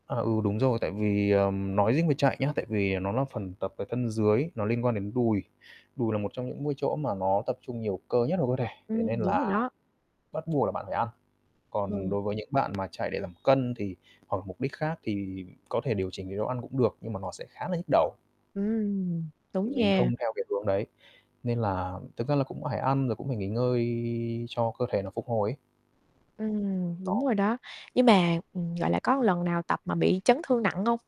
À, ừ, đúng rồi, tại vì, ờm, nói riêng về chạy nhá, tại vì nó là phần tập về thân dưới, nó liên quan đến đùi. Đùi là một trong những môi chỗ mà nó tập trung nhiều cơ nhất của cơ thể, thế nên Ừm, đúng rồi là đó. bắt buộc là bạn phải ăn. Còn Ờ. đối với những bạn mà chạy để giảm cân thì hoặc mục đích khác thì có thể điều chỉnh chế độ ăn cũng được nhưng mà nó sẽ khá là nhức đầu. Ừm. Đúng Thì mình không nha. theo cái hướng đấy, nên là thực ra là cũng phải ăn rồi cũng phải nghỉ ngơi cho cơ thể nó phục hồi ấy. Ừm, đúng Đó. rồi đó. Nhưng mà, ừm, gọi là, có lần nào tập mà bị chấn thương nặng hông?